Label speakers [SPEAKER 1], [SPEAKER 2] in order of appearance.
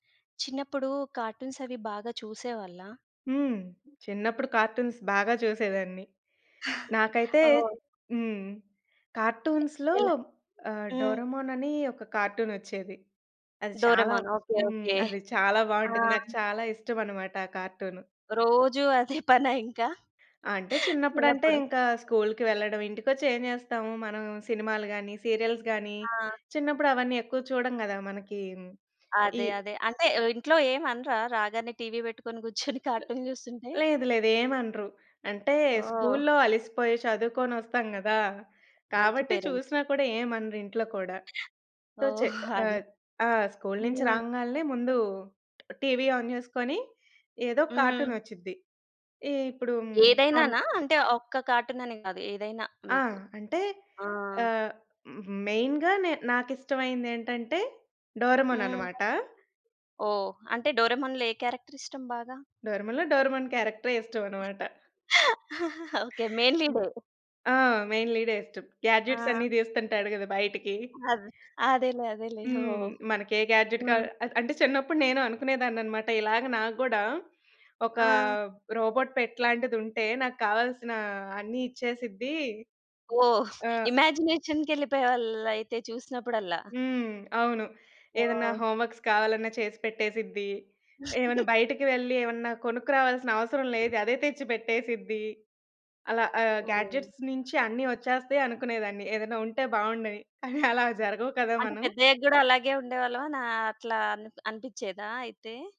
[SPEAKER 1] చిన్నప్పుడు కార్టూన్స్ అవి బాగా చూసేవాళ్ళ?
[SPEAKER 2] హ్మ్.
[SPEAKER 1] హ్మ్.
[SPEAKER 2] చిన్నప్పుడు కార్టూన్స్ బాగా చూసేదాన్ని. నాకైతే
[SPEAKER 1] ఓహ్!
[SPEAKER 2] హ్మ్.
[SPEAKER 1] ఎ
[SPEAKER 2] కార్టూన్స్‌లో
[SPEAKER 1] ఎలా
[SPEAKER 2] ఆహ్,
[SPEAKER 1] హ్మ్.
[SPEAKER 2] 'డోరేమోన్' అని ఒక కార్టూనొచ్చేది. అది చాలా
[SPEAKER 1] 'డోరేమోన్.' ఓకే.
[SPEAKER 2] హ్మ్.
[SPEAKER 1] ఓకే.
[SPEAKER 2] అది చాలా
[SPEAKER 1] ఆ!
[SPEAKER 2] బావుంటది. నాకు చాలా ఇష్టమనమాట ఆ కార్టూను.
[SPEAKER 1] రోజు అదే పనా ఇంకా?
[SPEAKER 2] అంటే చిన్నప్పుడంటే
[SPEAKER 1] చిన్నప్పుడు.
[SPEAKER 2] ఇంకా స్కూల్కి వెళ్ళడం. ఇంటికొచ్చి ఏం జేస్తాము? మనం సినిమాలు గానీ, సీరియల్స్ గానీ
[SPEAKER 1] ఆ!
[SPEAKER 2] చిన్నప్పుడు అవన్నీ ఎక్కువ చూడము గదా! మనకి ఈ
[SPEAKER 1] అదే. అదే. అంటే ఇంట్లో ఏం అనరా? రాగానే టీవీ బెట్టుకొని గూర్చొని కార్టూన్ జూస్తుంటే.
[SPEAKER 2] లేదు. లేదు. ఏం అనరు. అంటే
[SPEAKER 1] ఓహ్!
[SPEAKER 2] స్కూల్లో అలిసిపోయి చదువుకొని ఒస్తాం గదా!
[SPEAKER 1] మంచి
[SPEAKER 2] కాబట్టి
[SPEAKER 1] పేరెంట్.
[SPEAKER 2] చూసినా కూడా ఏం అనరు ఇంట్లో కూడా. తొ చె
[SPEAKER 1] ఓహ్! అదే.
[SPEAKER 2] ఆహ్ ఆ! స్కూలు నుంచి
[SPEAKER 1] హ్మ్.
[SPEAKER 2] రాంగాల్నే ముందు టీవీ ఆన్ జేసుకొని, ఏదో
[SPEAKER 1] హ్మ్.
[SPEAKER 2] కార్టూన్ ఒచ్చుద్ది. ఈ ఇప్పుడు అం
[SPEAKER 1] ఏదైనానా? అంటే ఒక్క కార్టూన్ అని గాదు. ఏదైనా
[SPEAKER 2] ఆ!
[SPEAKER 1] మీకు.
[SPEAKER 2] అంటే
[SPEAKER 1] ఆ!
[SPEAKER 2] ఆహ్, మెయిన్‌గా నే నాకిష్టమైనదేంటంటే డోరేమోన్
[SPEAKER 1] హ్మ్.
[SPEAKER 2] అనమాట.
[SPEAKER 1] ఓహ్! అంటే డోరేమోన్‌లో ఏ క్యారెక్టర్ ఇష్టం బాగా?
[SPEAKER 2] డోరేమోన్‌లో డోరేమోన్ క్యారెక్టరే ఇష్టమన్నమాట.
[SPEAKER 1] ఓకే. మెయిన్
[SPEAKER 2] హ్మ్.
[SPEAKER 1] లీడే?
[SPEAKER 2] ఆ! మెయిన్ లీడె ఇష్టం. గాడ్జెట్స్ అన్ని
[SPEAKER 1] ఆ!
[SPEAKER 2] దీస్తుంటాడు గదా బయటికి.
[SPEAKER 1] అదే. అదేలే. అదేలే.
[SPEAKER 2] హ్మ్.
[SPEAKER 1] ఓహ్!
[SPEAKER 2] మనకే గాడ్జెట్ కా
[SPEAKER 1] హ్మ్.
[SPEAKER 2] అంటే చిన్నప్పుడు నేను అనుకునేదాన్ననమాట. ఇలాగ నాకు గూడా ఒక
[SPEAKER 1] ఆ!
[SPEAKER 2] రోబోట్ పెట్ లాంటిదుంటే, నాకు కావాల్సిన అన్ని ఇచ్చేసిద్ది.
[SPEAKER 1] ఓహ్!
[SPEAKER 2] ఆహ్
[SPEAKER 1] ఇమాజినేషన్‌కెళ్ళిపోయేవాళ్ళైతే చూసినప్పుడల్లా.
[SPEAKER 2] హ్మ్. అవును. ఏదన్నా
[SPEAKER 1] ఓహ్!
[SPEAKER 2] హోమ్‌వర్క్స్ కావాలన్నా చేసి పెట్టేసిద్ది. ఏమైనా బయటకి వెళ్ళి ఏమన్నా కొనుక్కురావాల్సిన అవసరం లేదు. అదే తెచ్చి పెట్టేసిద్ది. అలా ఆహ్,
[SPEAKER 1] ఓహ్!
[SPEAKER 2] గాడ్జెట్స్ నుంచి అన్ని ఒచ్చేస్తాయి అనుకునేదాన్ని. ఏదైనా ఉంటే బావుండని. కానీ అలా జరగవు కదా.
[SPEAKER 1] అంటే
[SPEAKER 2] మనం
[SPEAKER 1] పెద్దయ్యగ్గూడా అలాగే ఉండేవాళ్ళా నా అట్లా అని అనిపించేదా అయితే?